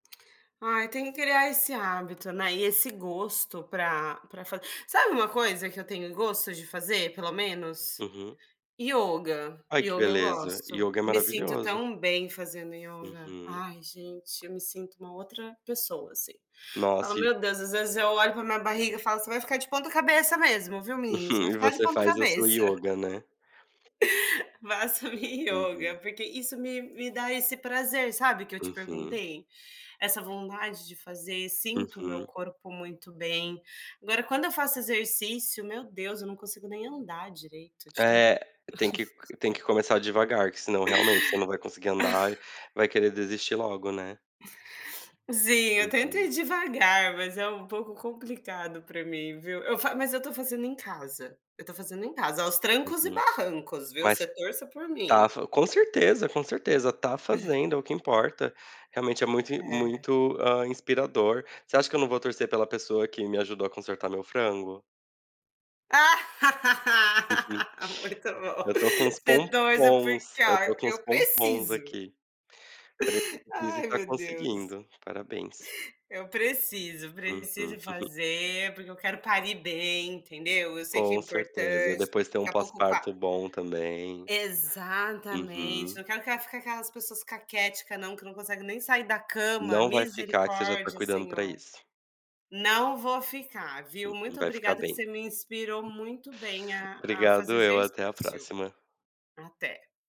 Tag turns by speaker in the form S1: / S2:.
S1: Ai, tem que criar esse hábito, né, e esse gosto para para fa Sabe uma coisa que eu tenho gosto de fazer pelo menos?
S2: Uhum.
S1: Yoga,
S2: Ai, que
S1: yoga eu
S2: beleza.
S1: gosto.
S2: Yoga é
S1: Me sinto
S2: maravilhoso.
S1: tão bem fazendo yoga.
S2: Uhum.
S1: Ai, gente, eu me sinto uma outra pessoa, assim. Falo
S2: Nossa, e
S1: Meu Deus, às vezes, eu olho para minha barriga e falo: "Você vai ficar de ponta cabeça mesmo, viu, menino? Você vai
S2: Uhum. E
S1: ficar de
S2: você
S1: ponta
S2: faz a sua
S1: cabeça".
S2: yoga, né?
S1: Faço minha yoga,
S2: Uhum.
S1: porque isso me me dá esse prazer, sabe, que eu te
S2: Uhum.
S1: perguntei? Essa vontade de fazer, sinto o meu
S2: Uhum.
S1: corpo muito bem. Agora, quando eu faço exercício, meu Deus, eu não consigo nem andar direito de tanta
S2: É. Tem que c tem que começar devagar, que senão, realmente, você não vai conseguir andar, vai querer desistir logo, né?
S1: Sim, eu tento ir
S2: Uhum.
S1: devagar, mas é um pouco complicado para mim, viu? Eu fa Mas eu estou fazendo em casa, eu estou fazendo em casa, aos trancos e
S2: Uhum.
S1: barrancos, viu,
S2: Mas,
S1: você torça por
S2: tá
S1: mim.
S2: fa Com certeza, com certeza, tá fazendo, é o que importa. Realmente, é muito
S1: É.
S2: muito, ah, inspirador. Você acha que eu não vou torcer pela pessoa que me ajudou a consertar meu frango? Uhum.
S1: Ah! Muito bom.
S2: Eu estou com uns
S1: Você torça
S2: pompons,
S1: porque,
S2: eu
S1: ó,
S2: estou com uns
S1: eu
S2: pompons
S1: preciso.
S2: aqui. Prep [unintelligible]
S1: Ai,
S2: tá
S1: meu Deus.
S2: conseguindo, parabéns.
S1: Eu preciso,
S2: Uhum.
S1: preciso fazer, porque eu quero parir bem, entendeu? Eu sei que é
S2: Com certeza.
S1: importante,
S2: Depois tem um
S1: daqui a pouco qua
S2: pós-parto bom também.
S1: Exatamente!
S2: Uhum.
S1: Não quero aque ficar aquelas pessoas caquética não, que não consegue nem sair da cama.
S2: Não vai ficar que você já está
S1: Misericórdia,
S2: cuidando para
S1: Senhor.
S2: isso.
S1: Não vou ficar, viu,
S2: Uhum.
S1: muito
S2: Vai ficar
S1: obrigada que
S2: bem.
S1: você me inspirou muito bem a a fazer
S2: Obrigado eu. Até a
S1: exercício.
S2: próxima.
S1: Até.